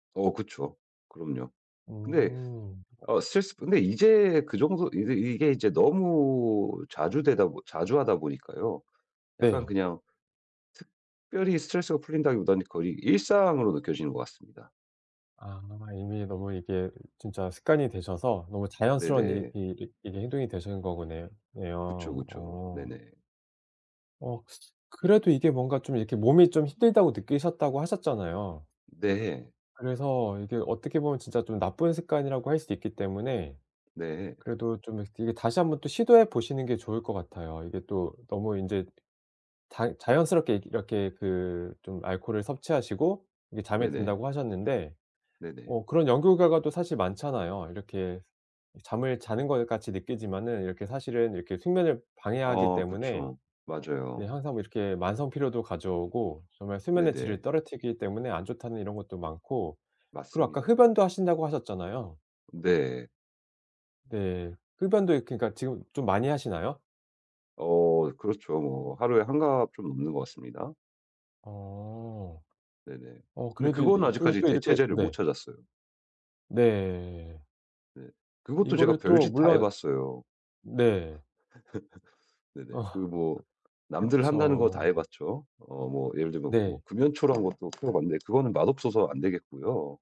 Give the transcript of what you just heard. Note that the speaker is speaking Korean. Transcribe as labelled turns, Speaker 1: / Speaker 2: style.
Speaker 1: 어 그쵸. 그럼요. 근데
Speaker 2: 음.
Speaker 1: 어 스트레스 근데 이제 그 정도 이게 이게 이제 너무 자주 되다 보 자주 하다 보니까요. 약간
Speaker 2: 네.
Speaker 1: 그냥 특별히 스트레스가 풀린다기보다는 거의 일상으로 느껴지는 것 같습니다.
Speaker 2: 아 이미 너무 이게 진짜 습관이 되셔서 너무 자연스러운 이
Speaker 1: 네네.
Speaker 2: 이 이게 행동이 되시는 거구네
Speaker 1: 그쵸,
Speaker 2: 네요.
Speaker 1: 그쵸.
Speaker 2: 어.
Speaker 1: 네네.
Speaker 2: 어 그래도 이게 뭔가 좀 이렇게 몸이 좀 힘들다고 느끼셨다고 하셨잖아요.
Speaker 1: 네.
Speaker 2: 그래서 이게 어떻게 보면 진짜 좀 나쁜 습관이라고 할 수 있기 때문에
Speaker 1: 네.
Speaker 2: 그래도 좀 이렇게 다시 1 번 또 시도해 보시는 게 좋을 것 같아요. 이게 또 너무 인제 다 자연스럽게 이렇게 그 좀 알코올을 섭취하시고 이제 잠에
Speaker 1: 네네.
Speaker 2: 든다고 하셨는데
Speaker 1: 네네.
Speaker 2: 어 그런 연구 결과도 사실 많잖아요. 이렇게 잠을 자는 것 같이 느끼지만은 이렇게 사실은 이렇게 숙면을 방해하기
Speaker 1: 어
Speaker 2: 때문에
Speaker 1: 그쵸.
Speaker 2: 네
Speaker 1: 맞아요.
Speaker 2: 항상 이렇게 만성피로도 가져오고 정말 수면의 질을
Speaker 1: 네네.
Speaker 2: 떨어뜨리기 때문에 안 좋다는 이런 것도 많고 그리고 아까
Speaker 1: 맞습니다.
Speaker 2: 흡연도 하신다고 하셨잖아요.
Speaker 1: 네.
Speaker 2: 네. 흡연도 이 그러니까 지금 좀 많이 하시나요?
Speaker 1: 어 그렇죠. 뭐 하루에 1 갑 좀 넘는 것 같습니다.
Speaker 2: 어.
Speaker 1: 네네.
Speaker 2: 어
Speaker 1: 근데
Speaker 2: 그래도 이
Speaker 1: 그거는
Speaker 2: 그리고
Speaker 1: 아직까지
Speaker 2: 또 이렇게
Speaker 1: 대체제를 못
Speaker 2: 네.
Speaker 1: 찾았어요.
Speaker 2: 네.
Speaker 1: 네. 그것도 제가
Speaker 2: 이거를 또
Speaker 1: 별짓 다 해
Speaker 2: 물론
Speaker 1: 봤어요.
Speaker 2: 네.
Speaker 1: 네네.
Speaker 2: 어.
Speaker 1: 그 뭐 남들 한다는 거 다
Speaker 2: 그쵸.
Speaker 1: 해 봤죠. 어 뭐 예를 들면 뭐
Speaker 2: 네.
Speaker 1: 금연초라는 것도 피워봤는데 그거는 맛없어서 안 되겠고요.